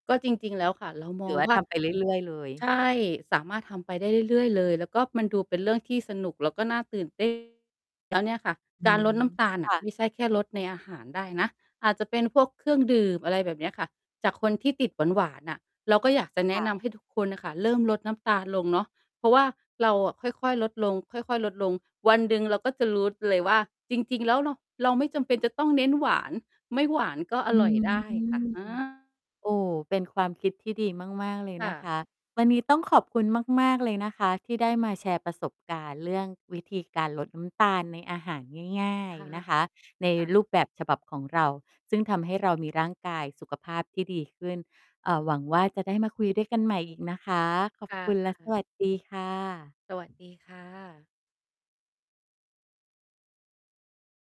ก็จริง ๆ แล้วค่ะ เรามหรือองว่าว่ทา ำไปเรื่อย ๆ เลย? ใช่ สามารถทำไปได้เรื่อย ๆ เลย แล้วก็มันดูเป็นเรื่องที่สนุกแล้วก็น่าตื่น เต้น แล้วเนี่ยค่ะ อืการม ลดน้ำตาลคน่ะ่ะ ไม่ใช่แค่ลดในอาหารได้นะ อาจจะเป็นพวกเครื่องดื่ม อะไรแบบเนี้ยค่ะ จากคนที่ติดหวาน ๆ น่ะ เราก็อยากจะแคนะ่นะ ำให้ทุกคนน่ะค่ะเริ่มลดน้ำตาลลงเนาะ เพราะว่าเราอะค่อย ๆ ลดลง ค่อย ๆ ลดลง วันหนึ่งเราก็จะรู้ ด เลยว่า จริง ๆ แล้วเรา เราไม่จำเป็นจะต้องเน้นหวาน ไม่หวานก็ออืร่อยม ได้ค่ะ อา โอ้ เป็นความคิดที่ดีมาก ๆ เลยคน่ะคะ ะ วันนี้ต้องขอบคุณมาก ๆ เลยนะคะ ที่ได้มาแชร์ประสบการณ์เรื่องวิธีการลดน้ำตาลในอาหารง่าคย ่ะ ๆ นะคะ ในค่ะ รูปแบบฉบับของเรา ซึ่งทำให้เรามีร่างกายสุขภาพที่ดีขึ้น อ่า หวังว่า จะได้มาคุยด้วยกันใหม่อีกนะคะ ขอคบ่คุณและสะ วัสดีค่สวัสดะ ีค่ะ